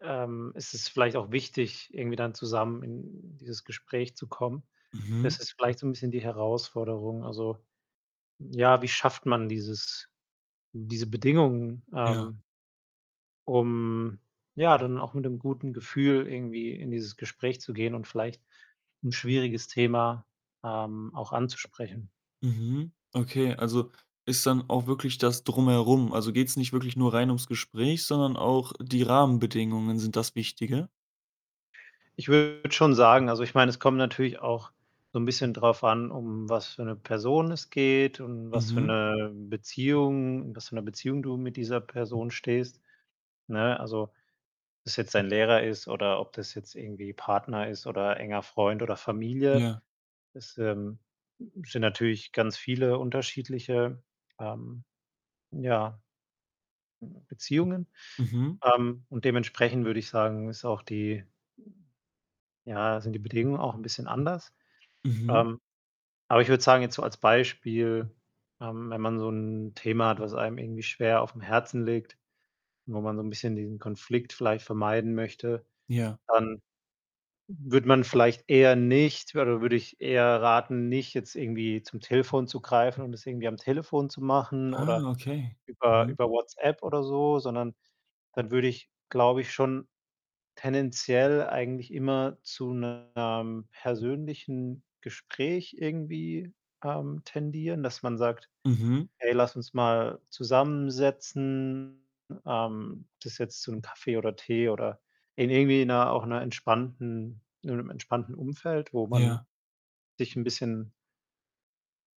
Ähm, es ist vielleicht auch wichtig, irgendwie dann zusammen in dieses Gespräch zu kommen. Mhm. Das ist vielleicht so 'n bisschen die Herausforderung. Also, ja, wie schafft man dieses diese Bedingungen, Ja. ähm um ja, dann auch mit 'nem guten Gefühl irgendwie in dieses Gespräch zu gehen und vielleicht 'n schwieriges Thema, ähm, auch anzusprechen? Mhm. Okay. Also, ist dann auch wirklich das Drumherum? Also, geht's nicht wirklich nur rein um's Gespräch, sondern auch die Rahmenbedingungen sind das Wichtige? Ich würde schon sagen also, ich meine, es kommt natürlich auch so 'n bisschen drauf an, um was für 'ne Person es geht und was für Mhm. 'ne Beziehung in was für 'ner Beziehung du mit dieser Person stehst, ne? Also, ob das jetzt dein Lehrer ist oder ob das jetzt irgendwie Partner ist oder enger Freund oder Familie. Ja. Das, ähm, sind natürlich ganz viele unterschiedliche, ähm, ja hm, Beziehungen. Mhm. Ähm, und dementsprechend würde ich sagen, ist auch die ja, sind die Bedingungen auch 'n bisschen anders. Mhm. Ähm, aber ich würde sagen, jetzt so als Beispiel, ähm, wenn man so 'n Thema hat, was einem irgendwie schwer aufm Herzen liegt, wo man so 'n bisschen diesen Konflikt vielleicht vermeiden möchte, Ja. dann würde man vielleicht eher nicht oder würde ich eher raten, nicht jetzt irgendwie zum Telefon zu greifen und das irgendwie am Telefon zu machen Ah, oder okay. über Mhm. über WhatsApp oder so, sondern dann würde ich, glaube ich, schon tendenziell eigentlich immer zu 'nem persönlichen Gespräch irgendwie, ähm, tendieren, dass man sagt: Mhm. „Hey, lass uns mal zusammensetzen.“ Ähm, ob das jetzt zum Kaffee oder Tee oder in irgendwie 'ner auch 'ner entspannten in 'nem entspannten Umfeld, wo Ja. man sich 'n bisschen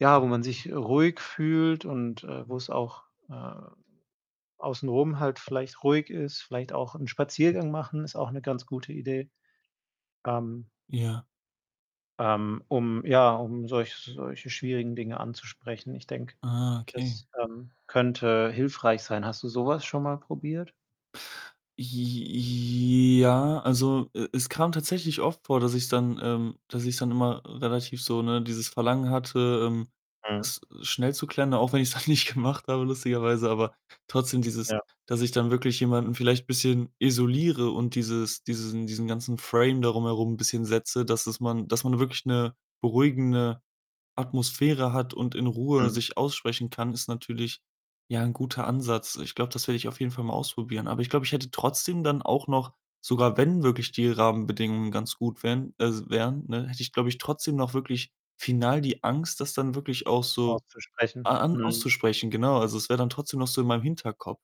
ja, wo man sich ruhig fühlt und, äh, wo's auch, ähm, außenrum halt vielleicht ruhig ist. Vielleicht auch 'n Spaziergang machen ist auch 'ne ganz gute Idee, ähm Ja. ähm, um, ja um solch solche schwierigen Dinge anzusprechen. Ich denke, Ah, okay. das, ähm, könnte hilfreich sein. Hast du so was schon mal probiert? J j ja, also, e es kam tatsächlich oft vor, dass ich dann, ähm dass ich dann immer relativ so, ne, dieses Verlangen hatte, ähm, Mhm. das schnell zu klären, auch wenn ich's dann nicht gemacht habe lustigerweise. Aber trotzdem dieses Ja. dass ich dann wirklich jemanden vielleicht bisschen isoliere und dieses diesen diesen ganzen Frame darum herum bisschen setze, dass es man dass man wirklich 'ne beruhigende Atmosphäre hat und in Ruhe Mhm. sich aussprechen kann, ist natürlich, ja, 'n guter Ansatz. Ich glaube, das werde ich auf jeden Fall mal ausprobieren. Aber ich glaube, ich hätte trotzdem dann auch noch, sogar wenn wirklich die Rahmenbedingungen ganz gut wären als wären, ne, hätte ich, glaube ich, trotzdem noch wirklich final die Angst, das dann wirklich auch so Auszusprechen. a an Mhm. auszusprechen. Genau, also, es wäre dann trotzdem noch so in meinem Hinterkopf.